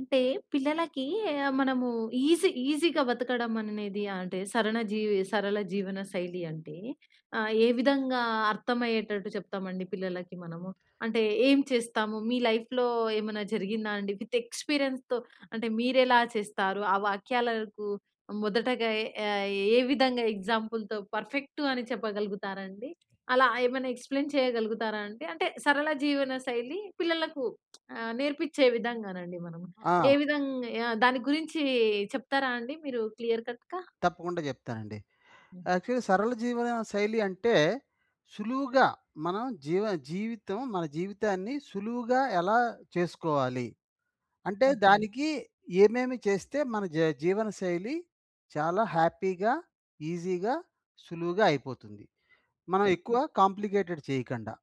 అంటే, పిల్లలకి ఆహ్, మనము ఈజీ ఈజీగా బతకడం అనేది అంటే, సరన జీవి సరళ జీవన శైలి అంటే ఆహ్, ఏ విధంగా అర్థమయ్యేటట్టు చెప్తామండి పిల్లలకి మనము? అంటే, ఏం చేస్తాము? మీ లైఫ్‌లో, ఏమన్నా జరిగిందా అండి? విత్ ఎక్స్‌పీరియన్స్‌తో అంటే మీరెలా చేస్తారు? ఆ వాక్యాలకు మొదటగా ఎ ఆహ్, ఏ విధంగా ఎగ్జాంపుల్‌తో, పర్ఫెక్టూ అని చెప్పగలుగుతారండి? అలా ఏమన్నా ఎక్స్‌‌ప్లెయిన్ చేయగలుగుతారా అండి? అంటే, సరళ జీవనశైలి పిల్లలకు ఆహ్, నేర్పించే విధంగానండి మనము. ఏ ఆ! విధంగా ఆహ్, దాని గురించీ చెప్తారా అండి, మీరు క్లియర్ కట్‌గా? తప్పకుండా చెప్తానండి. హ్మ్. యాక్చువల్లీ సరళ జీవనశైలి అంటే, సులువుగా మనం జీవ జీవితం మన జీవితాన్ని, సులువుగా ఎలా చేసుకోవాలి. అంటే, ఓకే. దానికి ఏమేమి చేస్తే, మన జీ జీవనశైలి చాలా హ్యాపీగా, ఈజీగా సులువుగా అయిపోతుంది. మనం హుహు. ఎక్కువ కాంప్లికేటెడ్ చేయకండా.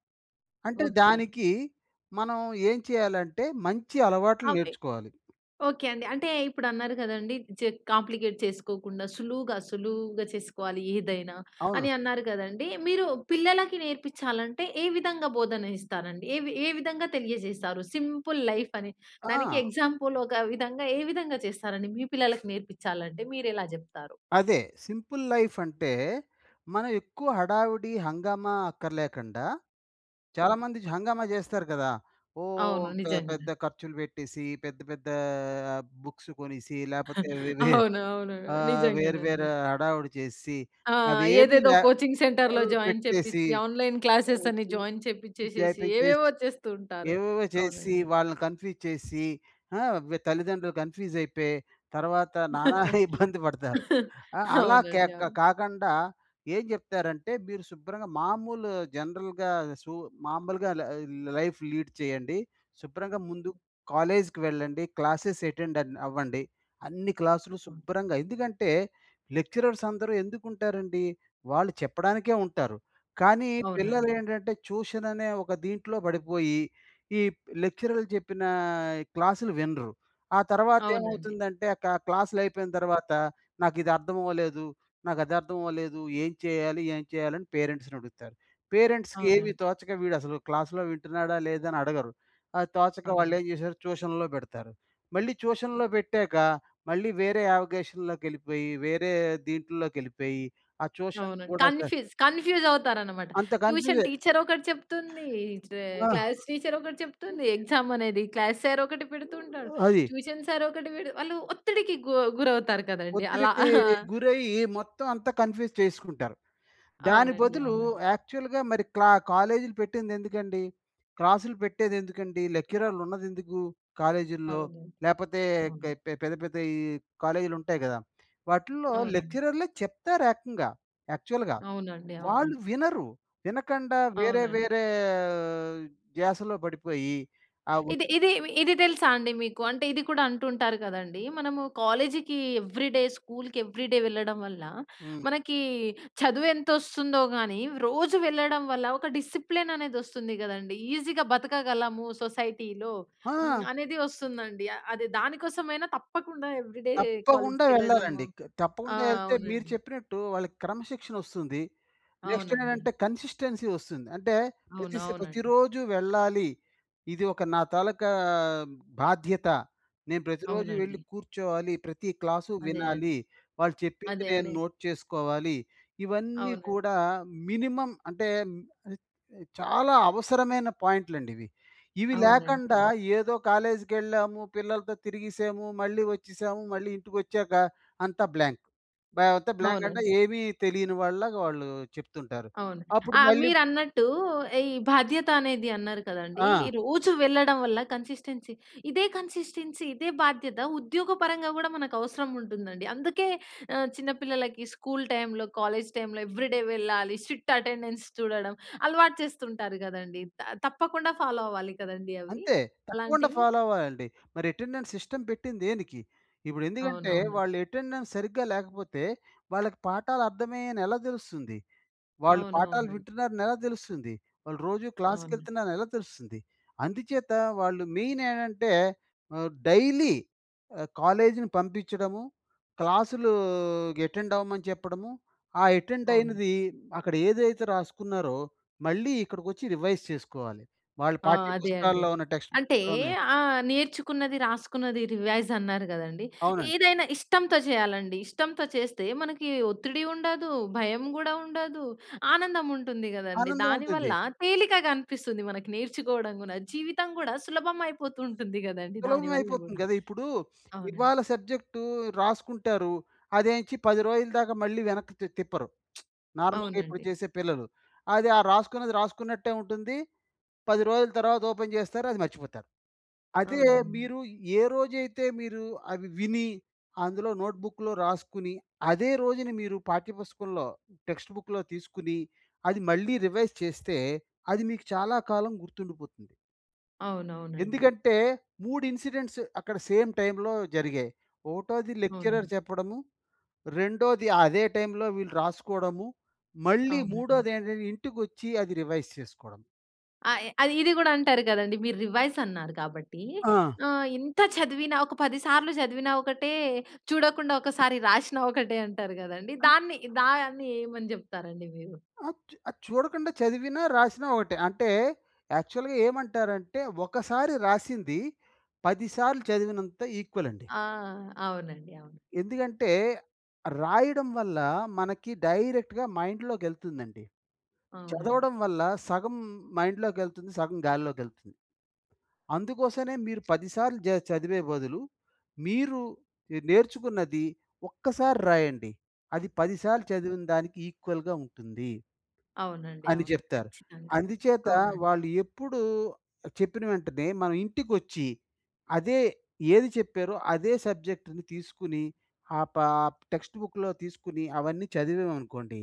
అంటే ఓకే. దానికి మనం ఏం చేయాలంటే, మంచి అలవాట్లు అవే నేర్చుకోవాలి. ఓకే అండి. అంటే ఇప్పుడు అన్నారు కదండీ. జిగ్ కాంప్లికేట్ చేసుకోకుండా సులువుగా, సులువుగా చేసుకోవాలి ఏదైనా, అవును. అని అన్నారు గదండీ. మీరు పిల్లలకి నేర్పిచ్చాలంటే, ఏ విధంగా బోధన ఇస్తారండి? ఏ ఏ విధంగా తెలియజేసారు సింపుల్ లైఫ్ అని. దానికి ఆ! ఎగ్జాంపుల్ ఒక విధంగా ఏ విధంగా చేస్తారండి? మీ పిల్లలకి నేర్పించాలంటే, మీరెలా చెప్తారు? అదే సింపుల్ లైఫ్ అంటే, మనం ఎక్కువ హడావిడి, హంగామా అక్కర్లేకండా ఓకె. చాలామంది హంగామా చేస్తారు కదా! ఓ అవును. పె నిజంగనే. పెద్ద ఖర్చులు పెట్టేసి, పెద్ద, పెద్దా బుక్స్ కొనేసి, లేకపోతే వే వే అవును. అవును. ఆహ్, వేరు నిజంగానండి. వేరు హడావిడి చేసిసి, ఆ! అవేమీ ఏదేదో లే కోచింగ్ సెంటర్‌లో ఓహ్! జాయిన్ పెట్టేసి చేపిచ్చి, ఆన్‌‌లైన్ క్లాసెస్ అని [unintelligible] జాయిన్ చేపిచ్చేసేసి, ఏవేవో చేపించేసి, చేస్తూ ఉంటారు. ఏవేవో చేస్సి, అవునండి. వాళ్ళని కన్‌ఫ్యూజ్ చేసి, ఆహ్, తల్లిదండ్రులు కన్‌ఫ్యూజ్ అయిపోయి. తర్వాత నానా ఇబ్బంది పడతారు. అలా క్యా అవునండి. అవును. కాకండా ఏం చెప్తారంటే, మీరు శుభ్రంగా మామూలు జనరల్‌గా, సూ మామూలుగా ల్ ఆహ్, లైఫ్ లీడ్ చేయండి. శుభ్రంగా ముందు కాలేజ్‌కి వెళ్ళండి. క్లాసెస్ అటెండెన్ అవ్వండి. అన్ని క్లాసులు శుభ్రంగా ఎందుకంటే, లెక్చరర్స్ అందరూ ఎందుకు ఉంటారండి? వాళ్ళు చెప్పడానికే ఉంటారు. కానీ, పిల్లలు అవునండి. ఏంటంటే, ట్యూషన్ అనే ఒక దీంట్లో పడిపోయి, ఈ ప్ లెక్చరర్‌లు చెప్పినా క్లాస్‌లు వినరు. ఆ తర్వాత అవునండి. ఏమవుతుందంటే, ఆ కా క్లాస్‌లు అయిపోయిన తర్వాత, "నాకు ఇది అర్థం అవ్వలేదు, నాకు అది అర్థం అవ్వలేదు. ఏం చేయాలి, ఏం చేయాలి?" అని పేరెంట్స్‌ని అడుగుతారు. పేరెంట్స్‌కి ఏమి అవునండి. తోచక, వీడు అసలు క్లాస్‌లో వింటున్నాడా, లేదా అని అడగరు. అది తోచక వాళ్ళు అవునండి. ఏం చేసారు ట్యూషన్‌లో పెడతారు. మళ్ళీ ట్యూషన్‌లో పెట్టాక, మళ్ళీ వేరే యావిగేషన్‌లోకెళ్ళిపోయి, వేరే దీంట్లోకెళ్ళిపోయి ఆ ట్యూషన్‌లు అవునండి. కూడా స కన్‌ఫీస్ కన్‌ఫ్యూజ్ అవుతారన్నమాట. అంత ట్యూషన్ కన్‌ఫ్యూజే. టీచర్ ఒకటి చెప్తుంది. ఈ చ ఆ! క్లాస్ టీచర్ ఒకటి చెప్తుంది. [unintelligible] ఎగ్జామ్ అనేది క్లాస్ సార్ ఒకటి పెడుతుంటాడు. అది. ట్యూషన్ సార్ ఒకటి పె వాళ్ళు ఒత్తిడికి గు గురవుతారు కదండీ. అలా. ఒత్తిడికి ఆ! గురయ్యి మొత్తం అంతా కన్‌ఫ్యూజ్ చేసుకుంటారు. దాని అవునండి. బదులు అవునండి. యాక్చువల్‌గా, మరి క్లా కాలేజీలు పెట్టింది ఎందుకండి? క్లాసులు పెట్టేది ఎందుకండి? లెక్చరర్‌లు ఉన్నది ఎందుకు, కాలేజీల్లో? అవునండి. లేకపోతే హ్మ్. పె పెద్ద ,పెద్ద ఈ కాలేజీలు ఉంటాయి కదా! వాటిల్లో అవునండి. లెక్చరర్‌లే చెప్తారు ఏకంగా యాక్చువల్‌గా. అవునండి. అవునండి. వాళ్ళు వినరు, వినకండా వేరే, అవునండి. వేరే ఆహ్, ధ్యాసలో పడిపోయి ఆ ఇది వచ్చిన ఇది, ఇది తెలుసా అండి మీకు? అంటే, ఇది కూడా అంటుంటారు కదండీ. మనము కాలేజీకి ఏవ్రీడే, స్కూల్‌కి ఏవ్రీడే వెళ్ళడం వల్ల, హ్మ్. మనకి చదువు ఎంత వస్తుందో గానీ, రోజు వెళ్ళడం వల్ల, ఒక డిసిప్లేన్ అనేది వస్తుంది కదండీ. ఈజీగా బతకగలము సొసైటీలో, హ్మ్. ఆ! అనేది వస్తుందండి. అది దాని కోసమైనా తప్పకుండా ఏవ్రీడే తప్పకుండా కాలేజ్‌కెళ్ళడము. వెళ్ళాలండి. క ఆ! తప్పకుండా ఎళ్తే మీరు అవునండి. చెప్పినట్టు వాళ్ళకి క్రమశిక్షణ వస్తుంది. నెక్స్ట్ అవునండి. ఏంటంటే, కన్‌సిస్టెన్సీ వస్తుంది. అంటే, అవును. ప్రతిస్ అవునండి. ప్రతిరోజు వెళ్ళాలి. ఇది ఒక నా తాలూకా బాధ్యత. నేను ప్రతిరోజు వెళ్ళి అవునండి. కూర్చోవాలి. ప్రతి క్లాసు అదే, అదే. వినాలి. వాళ్ళు చెప్పింది అదే నేను అండి. నోట్ చేసుకోవాలి. ఇవన్నీ అవునండి. కూడా మినిమమ్ అంటే, హ్మ్. ఆహ్, చాలా అవసరమైన పాయింట్లండి ఇవి. ఇవి అవునండి. లేకండా అవును. ఏదో కాలేజ్‌కెళ్ళాము, పిల్లలతో తిరిగేసాము, మళ్ళీ వచ్చేసాము, మళ్ళీ ఇంటికి వచ్చాక అంతా బ్లాంక్. బా అంత బ్లాంక్ అంటే, అవునండి. ఏమి తెలియని వాళ్ళలాగా వాళ్ళు చెప్తుంటారు. అవును. అప్పుడు ఆహ్, మళ్ళీ మీరన్నట్టు ఈ బాధ్యత అనేది అన్నారు కదండీ. ఆ! రోజు వెళ్ళడం వల్ల, కన్‌సిస్టెన్సీ ఇదే కన్‌సిస్టెన్సీ, ఇదే బాధ్యత, ఉద్యోగపరంగా కూడా మనకు అవసరం ఉంటుందండి. అందుకే ఆహ్, చిన్న పిల్లలకి స్కూల్ టైమ్‌లో, కాలేజ్ టైమ్‌లో ఏవ్రీడే వెళ్ళాలి స్ట్రిక్ట్ అటెండెన్స్ చూడడం, అలవాటు చేస్తుంటారు కదండీ! త తప్పకుండా ఫాలో అవ్వాలి కదండీ అవి, అంతే. తప్పకుండా అలాంటివి? ఫాలో అవ్వాలండి. మరి అటెండెన్స్ సిస్టమ్ పెట్టింది దేనికి? ఇప్పుడు ఎందుకంటే, అవునవును. వాళ్ళు అటెండెన్స్ సరిగ్గా లేకపోతే, వాళ్ళకి పాఠాలు అర్థమయ్యాయి అని ఎలా తెలుస్తుంది? వాళ్ళు పాఠాలు అవునవునండి. వింటున్నారని ఎలా తెలుస్తుంది? వాళ్ళు రోజు అవును. క్లాస్‌కెళ్తున్నారు ఎలా తెలుస్తుంది? అందుచేత వాళ్ళు మెయిన్ ఏంటంటే, ఆహ్, డైలీ ఆహ్, కాలేజ్‌ని పంపించడము. క్లాసులూ అటెండ్ అవ్వమని చెప్పడము, ఆ అటెండ్ అవును. అయినది, అక్కడ ఏదైతే రాసుకున్నారో, మళ్ళీ ఇక్కడికొచ్చి రివైజ్ చేసుకోవాలి. వాళ్ళ ఆ! పాఠ్య అదే అండి. పుస్తకాల్లో ఉన్న టెక్స్ట్ అంటే, బుక్‌లోనే ఆ! నేర్చుకున్నది, రాసుకున్నది రివైజ్ అన్నారు కదండీ. అవునండి. ఏదైనా ఇష్టంతో చేయాలండి. ఇష్టంతో చేస్తే, మనకి ఒత్తిడి ఉండదు, భయం కూడా ఉండదు, ఆనందం ఉంటుంది కదండీ. ఆనందం దానివల్ల, ఉంటుంది. తేలికగనిపిస్తుంది మనకు నేర్చుకోవడం కూడా. జీవితం కూడా, సులభమైయిపోతూ ఉంటుంది కదండీ సులభం దానివల్ల అయిపోతుంది కూడా. కదా! ఇప్పుడు అవునండి. ఇవాళ సబ్జెక్టూ రాసుకుంటారు. అదెంచి 10 రోజుల దాకా మళ్ళీ వెనక్కి తి తిప్పరు. నార్మల్‌గా ఇప్పుడు అవునండి. చేసే పిల్లలు. అది ఆ రాసుకున్నది రాసుకున్నట్టే ఉంటుంది. 10 రోజుల తర్వాత ఓపెన్ చేస్తారు. అది మర్చిపోతారు. అదే అవునండి. మీరు ఏ రోజైతే మీరు అవి విని, అందులో నోట్‌బుక్‌లో రాసుకొని, అదే రోజున మీరు పాఠ్య పుస్తకంలో, టెక్స్ట్ బుక్‌లో తీసుకొని, అది మళ్ళీ రివైజ్ చేస్తే, అది మీకు చాలా కాలం గుర్తుండిపోతుంది. అవునవునండి. ఎందుకంటే, 3 ఇన్సిడెంట్స్ అక్కడ సేమ్ టైమ్లో జరిగాయి. ఒకటోది లెక్చరర్ అవునండి. చెప్పడము, రెండోది అదే టైమ్లో వీళ్ళు రాసుకోవడము, మళ్ళీ అవునండి. మూడోది ఏంటంటే ఇంటికి వచ్చి అది రివైజ్ చేసుకోవడం. ఆ! య్ అది ఇది కూడా అంటారు కదండీ. మీరు రివైస్ అన్నారు కాబట్టి. ఆ! ఆహ్, ఇంత చదివిన, ఒక పది సార్లు చదివిన ఒకటే, చూడకుండా ఒకసారి రాసినా ఒకటే అంటారు కదండీ. దాన్ని దాన్ని ఏమని చెప్తారండి మీరు? ఆ! అది చూడకుండా చదివినా రాసినా ఒకటే. అంటే యాక్చువల్‌గా ఏమంటారంటే ఒకసారి రాసింది. పది సార్లు చదివినంత ఈక్వల్ అండి. ఆ! అవునండి అవును. ఎందుకంటే, రాయడం వల్ల మనకి డైరెక్ట్‌గా మైండ్లోకెళ్తుందండి. అవునండి. చదవడం వల్ల సగం మైండ్లోకెళ్తుంది. సగం గాల్లోకెళ్తుంది. అందుకోసనే మీరు పది సార్లు జ చదివే బదులు. మీరు నేర్చుకున్నది ఒక్కసారి రాయండి. అది పది సార్లు చదివిన దానికి ఈక్వల్‌గా ఉంటుంది... అవునండి అని అవును. జెప్తారు. ఖచ్చితంగా అందుచేత అవునండి. వాళ్ళు ఎప్పుడూ, చెప్పిన వెంటనే మన ఇంటికొచ్చి, అదే ఏది చెప్పారో అదే సబ్జెక్ట్‌ని తీసుకొని, ఆపాప్ టెక్స్ట్ బుక్‌లో తీసుకొని, అవన్నీ చదివామనుకోండి.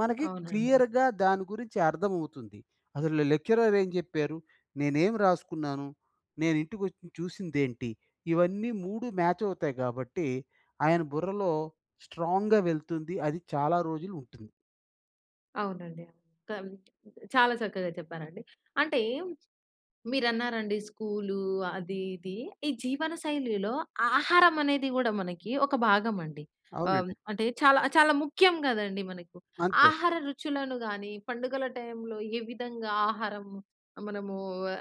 మనకి అవునండి. క్లియర్‌గా దాని గురించి అర్థం అవుతుంది. అసలు లెక్చరర్ ఏం జెప్పారు. నేనేం రాసుకున్నాను. నేను ఇంటికి వచ్చి చూసిందేంటి. ఇవన్నీ 3 మ్యాచ్ అవుతాయి. కాబట్టి ఆయన బుర్రలో స్ట్రాంగ్‌గా వెళ్తుంది. అది చాలా రోజులు ఉంటుంది. అవునండి. కాన్ చాలా చక్కగా చెప్పారండి. అంటే, మీరన్నారండి స్కూలు, అది, ఇది. ఈ జీవనశైలిలో ఆహారం అనేది కూడా మనకి ఒక భాగమండి. ఆహ్, అవునండి. అంటే, చాలా చాలా ముఖ్యం కదండీ! మనకు. అంతే. ఆహార రుచులను గాని, పండుగల టైంలో, ఏ విధంగా ఆహారం, మనమూ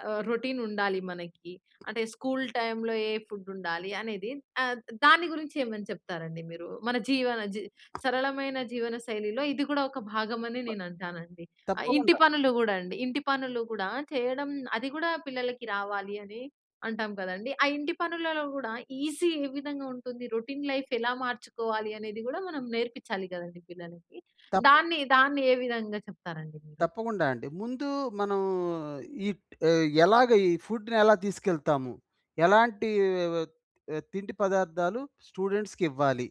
ఆహ్, రొటీన్ ఉండాలి మనకి? అంటే, స్కూల్ టైమ్‌లో ఏ ఫుడ్ ఉండాలి అనేది. ఆహ్, ద దాని గురించి ఏమని చెప్తారండి మీరు? మన జీవన, జి సరళమైన జీవనశైలిలో ఇది కూడా, ఒక భాగమని బ నేనంటానండి. ఆహ్, ఇంటి తప్పకుండా. పనులు కూడా అండి. ఇంటి పనులు కూడా, చేయడం అది కూడా, పిల్లలకి రావాలి అని, అంటాం కదండీ! ఆ ఇంటి పనులలో కూడా, ఈజీ ఏ విధంగా ఉంటుంది? రొటీన్ లైఫ్ ఎలా మార్చుకోవాలి? అనేది కూడా, మనం నేర్పించాలి, గదండీ! పిల్లలకి. తప్పు. దాన్ని, దాన్ని ఏ విధంగా చెప్తారండి మీరు? తప్పకుండా! అండి. ముందూ మనం ఈక్ ఏహ్! ఎలాగ, ఈ ఫుడ్‌నేలా తీసుకెళ్తాము? ఎలాంటీ వెవత్ ఆహ్, తిండి పదార్థాలు స్టూడెంట్స్‌కివ్వాలి?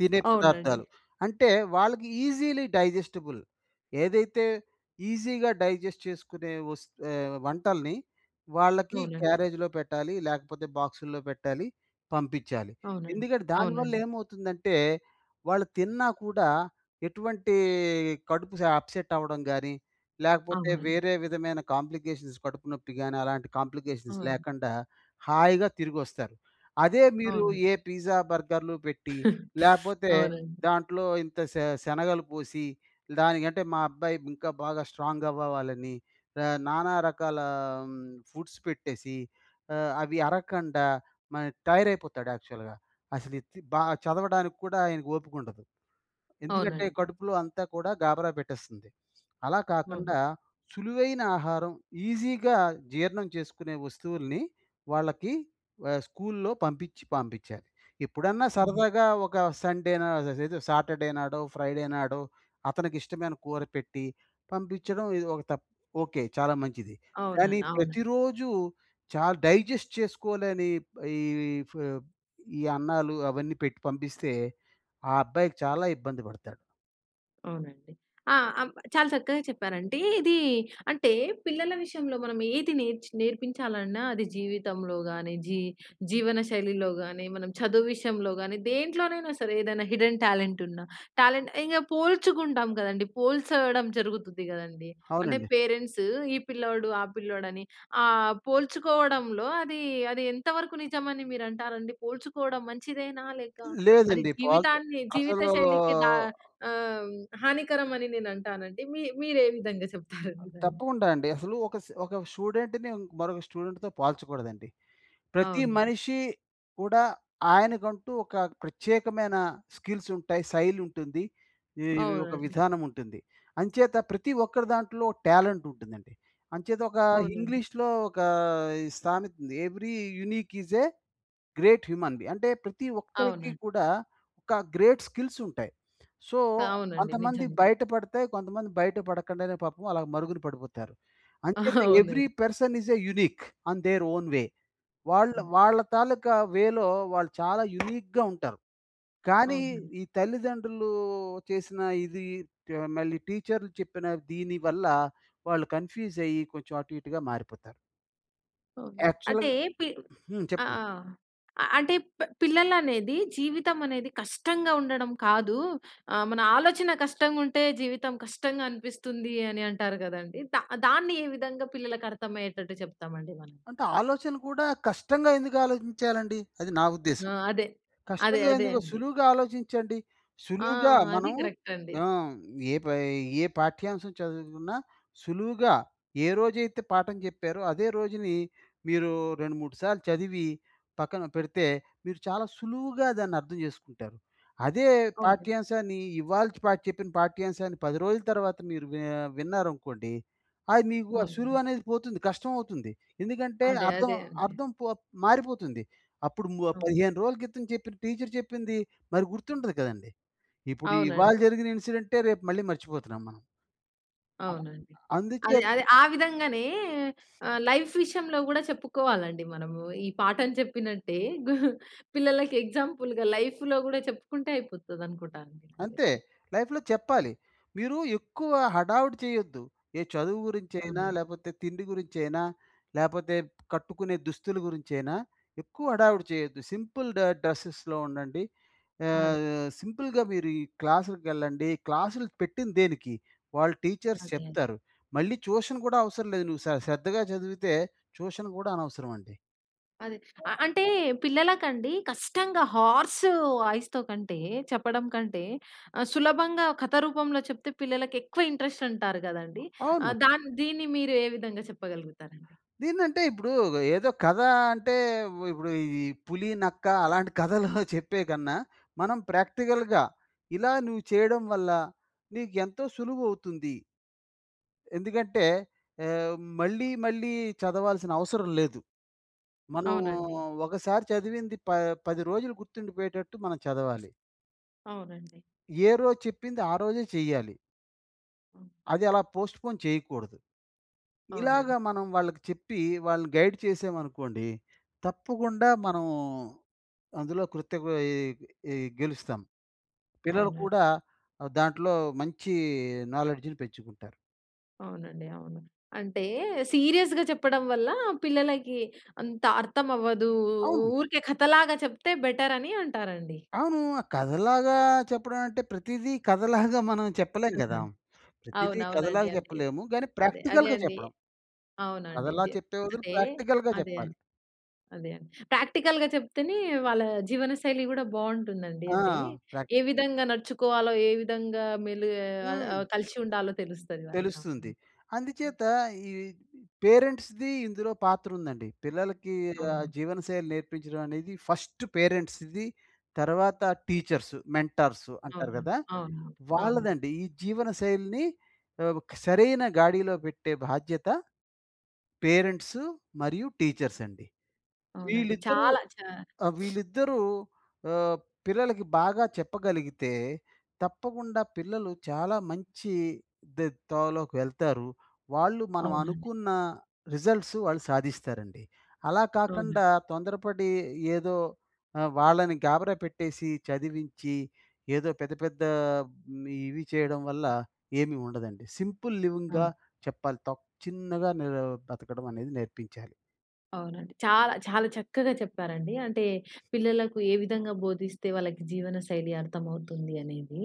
తినే అవునండి. పదార్థాలు. అంటే వాళ్ళకి ఈజీలీ డైజెస్టిబుల్. ఏదైతే, ఈజీగా, డైజెస్ట్ చేసుకునే వస్ ఆహ్, వంటల్ని వాళ్ళకి అవునండి. క్యారేజ్‌లో పెట్టాలి. లేకపోతే, బాక్సుల్లో పెట్టాలి. పంపించాలి. అవునండి. ఎందుకటే, దానివల్ల అవునండి. ఏమవుతుందంటే, వాళ్ళు తిన్నా కూడా, ఎటువంటీ కడుపు స అప్సెట్ అవ్వడం గాని, లేకపోతే అవునండ్ వేరే విధమైన కాంప్లికేషన్స్, కడుపు నొప్పి గాని, అలాంటి కాంప్లికేషన్స్ అవును. లేకండా హాయిగా తిరిగొస్తారు. అదే మీరు అవునండి. ఏ పిజ్జా, బర్గర్‌లు పెట్టి, లేకపోతే అవునండి. దాంట్లో ఇంత శ శనగలు పోసి, "దానికంటే, మా అబ్బాయి ఇంకా బాగా స్ట్రాంగ్" అవ్వవ్వాలని ర నానా రకాలా హ్మ్, ఫుడ్స్ పెట్టేసీ ఆహ్, అవి అరకండా మరి టైయర్ అయిపోతాడు, యాక్చువల్‌గా అసల ఎత్తి బా చదవడానికి కూడా, ఆయన‌కు ఓపికుండదు. ఎందుకంటే, అవునండి. కడుపులో అంతా కూడా గాబరా పెట్టేస్తుంది. అలా అన్ కాకండా సులువైన ఆహారం, ఈజీగా జీర్ణం చేసుకునే వస్తువుల్ని, వాళ్ళకి వ స్కూల్‌లో పంపించి పంపించాలి. ఎప్పుడన్నా, హ్మ్. సరదాగా! ఒక సండేనా, అససేదు సాటర్‌ డే నాడో, ఫ్రైడే నాడో, అతనికి ఇష్టమైన కూర పెట్టి, పంపించడం ఇది ఒక తప్ ఓకె. చాలా మంచిది! కానీ, అవునండ్ అవునండ్ ప్రతిరోజు చాలా, డైజెస్ట్ చేసుకోలేని ప్ ఈ ఈ ఫ్ ఈ అన్నాలు, అవన్నీ పెట్టి పంపిస్తే, ఆ అబ్బాయికి చాలా ఇబ్బంది పడతాడు. అవునండి. ఆ! చాలా చక్కగా చెప్పారండి. ఇది అంటే, పిల్లల విషయంలో మనం ఏది నేర్ నేర్పించాలన్నా అది జీవితంలో గానీ, జీ జీవనశైలిలో గానీ, మనం చదువు విషయంలో గానీ, దేంట్లోనైనా సరే ఏదైనా హిడెన్ టాలెంట్ ఉన్న, టాలెంట్ ఇక పోల్చుకుంటాం గదండీ. పోల్చడం జరుగుతది గదండీ. అంటే అవునండి. పేరెంట్సు ఈ పిల్లోడు, ఆ పిల్లోడుని ఆ పోల్చుకోవడంలో అది, అది ఎంతవరకు నిజమని మీరు అంటారండి? పోల్చుకోవడం మంచిదేనా? లేక అది లేదండి. పా జీవితాన్ని జీవిత అసలూ శైలికి దా ఆహ్, హానికరం అని నేను అంటానండి. మీ మీరు ఏ విధంగా చెప్తారండి దాన్ని? తప్పకుండ అండి. అసలు ఒక స ఒక స్టూడెంట్‌ని మరొక స్టూడెంట్‌తో పోల్చకూడదండి. ప్రతి అవునండి. మనిషి కూడా ఆయనకంటూ, ఒక ప్రత్యేకమైన స్కిల్స్ ఉంటాయి. శైలి ఉంటుంది. ఈ ఒక అవునండి. విధానం ఉంటుంది. అంచేత ప్రతి ఒక్కరి దాంట్లో టాలెంట్ ఉంటుందండి. అంచేత ఒక అవునండి. ఇంగ్లీష్‌లో ఒక ఈ సామెత ఉంది. Every unique is a great human be అంటే ప్రతి ఒక్కరికి అవునండి. కూడా ఒక గ్రేట్ స్కిల్స్ ఉంటాయి. సో, అవునండి. కొంతమందివి నిజంగా. బయట పడతాయి. కొంతమంది బయట పడకుండానే పాపం అలా మరుగున పడిపోతారు. అంచేత అవునండి. Every person is a unique in their own way వాళ్ళ, వాళ్ళ తాలూకా వేలో వాళ్ళు చాలా యూనిక్‌గా ఉంటారు. కానీ అవునండి. ఈ తల్లిదండ్రులు చేసిన ఇది, మళ్ళీ టీచర్‌లు చెప్పిన దీని వల్ల, వాళ్ళు కన్‌ఫ్యూజ్ అయ్యి, కొంచెం అటు ఇటుగా మారిపోతారు. అవునండి. యాక్చువల్‌ అంటే పి హ్మ్. ఆ! చెప్పండి. అ అంటే పి పిల్లలనేది జీవితం అనేది కష్టంగా ఉండడం కాదు, ఆహ్, మన ఆలోచన కష్టంగా ఉంటే జీవితం కష్టంగా అనిపిస్తుంది అని అంటారు కదండీ. దా దాన్ని ఏ విధంగా పిల్లలకి అర్థమయ్యేటట్టు చెప్తామండి మనం? అంటే ఆలోచన కూడా కష్టంగా ఎందుకు ఆలోచించాలండి, అది నా ఉద్దేశం. ఆ! అదే. అదే, కష్టంగా అదే ఎందుకు? అండి. సులువుగా ఆలోచించండి. ఆ! సులువుగా అదీ మనం కరెక్ట్ అండి. ఆ! ఏ పై ఏ పాఠ్యాంశం చదువుకున్నా సులువుగా ఏ రోజైతే పాఠం చెప్పారో అదే రోజుని మీరు రెండు మూడు సార్లు చదివి పక్కన పెడితే, మీరు చాలా సులువుగా దాన్ని అర్థం చేసుకుంటారు. అదే అవును. పాఠ్యాంశాన్ని ఇవాళ పా చెప్పిన పాఠ్యాంశాన్ని 10 రోజుల తర్వాత మీరు వి విన్నారనుకోండి, అది మీకు ఆ సులువు అవునండి అనేది పోతుంది కష్టం అవుతుంది. ఎందుకంటే అదే, అర్థం, అదే అండి. అర్థం పో మారిపోతుంది. అప్పుడు ము అవును. 15 రోజుల క్రితం చెప్పిన టీచ్చర్ చెప్పింది, మరి గుర్తుండదు కదండీ. ఇప్పుడు ఇవాళ అవునండి. జరిగిన ఇన్‌సిడెంటే రేపు మళ్ళీ మర్చిపోతున్నాం మనం. అలా అవునండి. అదే, అందుచే అదే. ఆ విధంగానే ఆహ్, లైఫ్ విషయంలో కూడా చెప్పుకోవాలండి మనము. ఈ పాఠం చెప్పినట్టే, పిల్లలకి ఎగ్జాంపుల్‌గా లైఫ్‌లో కూడా చెప్పుకుంటే అయిపోతది అనుకుంటా అండి నాకు అంతే. తెలిసి. లైఫ్‌లో చెప్పాలి. మీరు ఎక్కువ హడావిడి చేయొద్దు. ఏ చదువు గురించైనా, అవునండి. లేపోతే తిండి గురించైనా, లేపోతే కట్టుకునే దుస్తుల గురించైనా, ఎక్కువ హడావిడి చేయొద్దు. సింపుల్ డ డ్రెస్సెస్‌లో ఉండండి. ఆహ్, అదే. సింపుల్‌గా మీరు ఈ క్లాసులకెళ్ళండి క్లాసులు పెట్టింది దేనికి? వాళ్ళు టీచర్స్ అదే. అదే. చెప్తారు. మళ్ళీ ట్యూషన్ కూడా అవసరం లేదు. నువ్వు శ శ్రద్ధగా చదివితే ట్యూషన్ కూడా అనవసరం అండి. అది. అ అంటే పిల్లలకండి కష్టంగా హార్స్ వాయిస్‌తో కంటే చెప్పడం కంటే, ఆహ్, సులభంగా కథ రూపంలో చెప్తే పిల్లలకి ఎక్కువ ఇంట్రెస్ట్ అంటారు కదండి. అవును. ఆహ్, దాన్ దీన్ని మీరు ఏ విధంగా చెప్పగలుగుతారండి? దీన్నంటే ఇప్పుడు ఏదో కథ అంటే, ఇప్పుడు ఈ పులి, నక్క అలాంటి కథలు చెప్పేకన్నా, మనం ప్రాక్టికల్‌గా ఇలా నువ్వు చేయడం వల్ల, నీకు ఎంతో సులువు అవుతుంది. ఎందుకంటే ఆహ్, మళ్ళీ, మళ్ళీ చదవాల్సిన అవసరం లేదు. మనం అవునండి. ఒకసారి చదివింది ప పది రోజులు గుర్తుండిపోయేటట్టు మనం చదవాలి. అవునండి. ఏరోజు చెప్పింది, ఆరోజే చెయ్యాలి... అది అలా పోస్ట్‌‌పోన్ చేయకూడదు. ఇలాగ అవునండి. మనం వాళ్ళకి చెప్పి, వాళ్ళని గైడ్ చేసేమనుకోండి, తప్పకుండా మనం, అందులో కృత్య కొయీ ఇ గెలుస్తాం. పిల్లలు అవునండి. కూడా ఆహ్, దాంట్లో మంచి నాలెడ్జిని పెంచుకుంటారు. అవునండి. అవును. అంటే సీరియస్‌గా చెప్పడం వల్ల, పిల్లలకి అంత అర్థం అవ్వదు. అవును. ఊరికే కథ లాగా చెప్తే బెటరని అంటారండి. అవును! ఆహ్, కథలాగా చెప్పడం అంటే ప్రతీదీ కథలాగా మనం చెప్పలేం కదా! ప్రతీదీ కథలాగ అవునవునండి. అంతే. చెప్పలేము. గాని అదే. అదే ప్రాక్టికల్‌గా అండి. చెప్పడం... అవునండి. కథలా జె చెప్పే బదులు అంటే, ప్రాక్టికల్‌గా అదే చెప్పాలి. అండి. అదే అండి. ప్రాక్టికల్‌గా చెప్తేనే, వాళ్ళ జీవనశైలి కూడా బావుంటుందండి. ఆ! అంటే, ఏ ప్రాక్టిక్ విధంగా నడుచుకోవాలో, ఏ విధంగా మెలిగే అల్ హ్మ్. ఆహ్, కలిసి ఉండాలో తెలుస్తది తెలుస్తుంది. వాళ్ళకవును. అందుచేత ఈ పేరెంట్స్‌ది, ఇందులో పాత్రుందండి. పిల్లలకి ఆ అవునండి. జీవనశైలి నేర్పించడం అనేది ఫస్ట్ పేరెంట్స్‌ది, తర్వాత టీచర్సు, మెంటార్సు అంటారు అవునండి. కదా! అవునండి. అవునండి. వాళ్ళదండి. ఈ జీవనశైలిని ఆహ్, ఒక సరైన గాడిలో పెట్టే బాధ్యత పేరెంట్సు మరియు టీచర్సండి. అవునండి వీళ్ళిద్దరూ చాలా. చా ఆహ్, వీళ్ళిద్దరూ ఆహ్, పిల్లలకి బాగా చెప్పగలిగితే, తప్పకుండా పిల్లలు చాలా మంచి దె తోవలోకి వెళ్తారు. వాళ్ళు మనం అవునండి. అనుకున్న రిజట్ల్సు వాళ్ళు సాధిస్తారండి. అలా అవునండి. కాకండా, తొందరపడి ఏదో ఆహ్, వాళ్ళని గాబరా పెట్టేసి, చదివించి, ఏదో పెద్ద పెద్ద మ్ ఇవి చేయడం వల్ల ఏమీ ఉండదండి. సింపుల్ లివింగ్గా ఆ! చెప్పాలి. తప్ చిన్నగా నెరు బతకడం అనేది నేర్పించాలి. అవునండి. చాలా చాలా చక్కగా చెప్పారండి. అంటే, పిల్లలకు ఏ విధంగా బోధిస్తే, వాళ్ళకి జీవనశైలి అర్థమవుతుంది అనేది,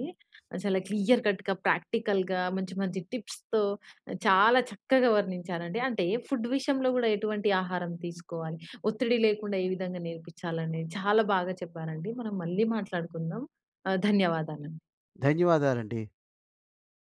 చాలా క్లియర్‌కట్‌గా, ప్రాక్టికల్‌గా, మంచి, మంచి టిప్స్‌తో, ఆహ్, చాలా చక్కగా వర్ణించారండి. అంటే, ఫుడ్ విషయంలో కూడా ఎటువంటి ఆహారం తీసుకోవాలి? ఒత్తిడి లేకుండా ఏ విధంగా నేర్పిచ్చాలని చాలా బాగా చెప్పారండి. మనం మళ్ళీ మాట్లాడుకుందాం. ఆహ్, ధన్యవాదాలండి. ధన్యవాదాలండి.